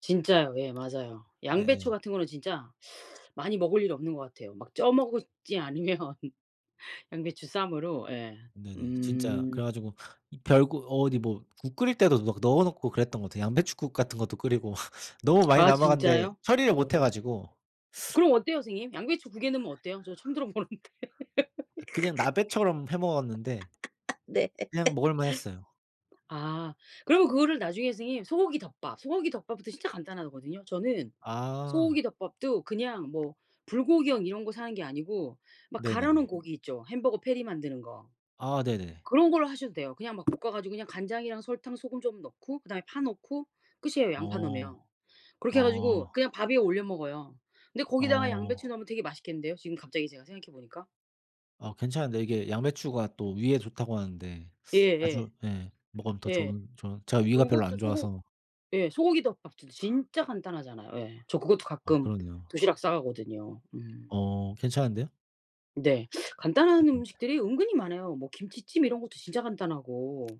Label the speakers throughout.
Speaker 1: 진짜요. 예 맞아요. 양배추
Speaker 2: 예예.
Speaker 1: 같은 거는 진짜 많이 먹을 일이 없는 것 같아요. 막 쪄 먹지 않으면 양배추 쌈으로. 예.
Speaker 2: 네네. 진짜
Speaker 1: 음.
Speaker 2: 그래 가지고 이 별국 어디 뭐 국 끓일 때도 막 넣어 놓고 그랬던 것 같아요. 양배춧국 같은 것도 끓이고 너무 많이
Speaker 1: 아
Speaker 2: 남았는데
Speaker 1: 진짜요?
Speaker 2: 처리를 못해
Speaker 1: 어.
Speaker 2: 가지고
Speaker 1: 그럼 어때요, 선생님? 양배추 2 개 넣으면 어때요? 저도 처음 들어 보는데.
Speaker 2: 그냥 나베처럼 해 먹었는데
Speaker 1: 네.
Speaker 2: 그냥 먹을만 했어요.
Speaker 1: 아. 그러면 그거를 나중에 선생님 소고기 덮밥 소고기 덮밥은 또 진짜 간단하거든요. 저는
Speaker 2: 아.
Speaker 1: 소고기 덮밥도 그냥 뭐 불고기용 이런 거 사는 게 아니고 막 갈아 놓은
Speaker 2: 네네네.
Speaker 1: 고기 있죠, 햄버거 패티 만드는 거.
Speaker 2: 아 네네.
Speaker 1: 그런 걸로 하셔도 돼요. 그냥 막 볶아 가지고 그냥 간장이랑 설탕 소금 좀 넣고 그다음에 파 넣고 끝이에요, 양파
Speaker 2: 어.
Speaker 1: 넣으면. 그렇게 해 가지고
Speaker 2: 아.
Speaker 1: 그냥 밥 위에 올려 먹어요. 근데 거기다가 양배추
Speaker 2: 어.
Speaker 1: 넣으면 되게 맛있겠는데요, 지금 갑자기 제가 생각해 보니까.
Speaker 2: 아 괜찮은데 이게 양배추가 또 위에 좋다고 하는데 자주
Speaker 1: 예예.
Speaker 2: 예. 먹으면 더
Speaker 1: 예.
Speaker 2: 좋은 좋은 제가 위가 별로 안
Speaker 1: 그것도 소고
Speaker 2: 좋아서.
Speaker 1: 예 소고기 덮밥도 진짜 간단하잖아요. 예. 저 그것도
Speaker 2: 어
Speaker 1: 가끔
Speaker 2: 그럼요.
Speaker 1: 도시락 싸 가거든요. 음.
Speaker 2: 어 괜찮은데요?
Speaker 1: 네. 간단한
Speaker 2: [unintelligible]
Speaker 1: 음식들이 은근히 많아요. 뭐 김치찜 이런 것도 진짜 간단하고.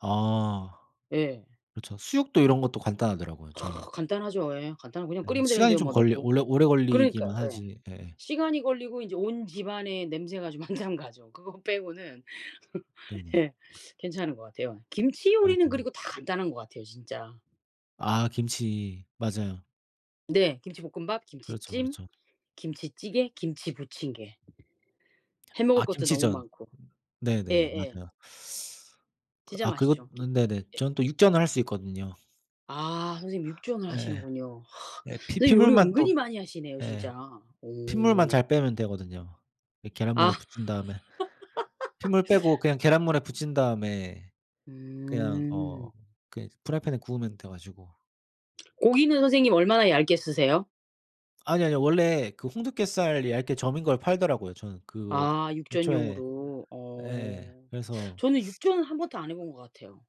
Speaker 2: 아.
Speaker 1: 예.
Speaker 2: 그렇죠. 수육도 이런 것도 간단하더라고요, 저는.
Speaker 1: 간단하죠. 예. 간단하고 그냥
Speaker 2: 예. 이
Speaker 1: 끓이면
Speaker 2: 시간이
Speaker 1: 되는데요,
Speaker 2: 좀
Speaker 1: 뭐
Speaker 2: 걸려
Speaker 1: 넣고.
Speaker 2: 오래 오래
Speaker 1: 그러니까요.
Speaker 2: 걸리기만
Speaker 1: 예.
Speaker 2: 하지. 예.
Speaker 1: 시간이 걸리고 이제 온 집안의 냄새가 좀 한참 가죠. 그거 빼고는
Speaker 2: 네네.
Speaker 1: 예 괜찮은 것 같아요. 김치 요리는
Speaker 2: 맞아요.
Speaker 1: 그리고 다 간단한 것 같아요, 진짜.
Speaker 2: 아 김치. 맞아요.
Speaker 1: 네. 김치볶음밥,
Speaker 2: 그렇죠,
Speaker 1: 김치찜,
Speaker 2: 그렇죠.
Speaker 1: 김치찌개, 김치 부침개. 해
Speaker 2: 아
Speaker 1: 먹을 것도 너무
Speaker 2: 김치전.
Speaker 1: 많고.
Speaker 2: 네네네.
Speaker 1: 예예.
Speaker 2: 맞아요. 그
Speaker 1: 진짜
Speaker 2: 아 그리고
Speaker 1: 맛있죠.
Speaker 2: 네네.
Speaker 1: 예.
Speaker 2: 저는 또 육전을 할 수 있거든요.
Speaker 1: 아. 선생님 육전을
Speaker 2: 예.
Speaker 1: 하시는군요.
Speaker 2: 예. 피
Speaker 1: 선생님 요리
Speaker 2: 핏물만
Speaker 1: 은근히
Speaker 2: 또
Speaker 1: 많이 하시네요
Speaker 2: 예.
Speaker 1: 진짜.
Speaker 2: 핏물만
Speaker 1: 오.
Speaker 2: 잘 빼면 되거든요. 이
Speaker 1: 아.
Speaker 2: 계란물에 부친 다음에 핏물 빼고 그냥 계란물에 부친 다음에 그냥 어
Speaker 1: 음.
Speaker 2: 그냥 프라이팬에 구우면 돼 가지고.
Speaker 1: 고기는 선생님 얼마나 얇게 쓰세요?
Speaker 2: 아니요, 아니요. 원래 그 홍두깨살 얇게 저민 걸 팔더라고요. 저는 그거
Speaker 1: 아
Speaker 2: 애초에
Speaker 1: 육전용으로.
Speaker 2: 예.
Speaker 1: 어
Speaker 2: 그래서
Speaker 1: 저는 육전은 1 번도 안 해 본 것 같아요.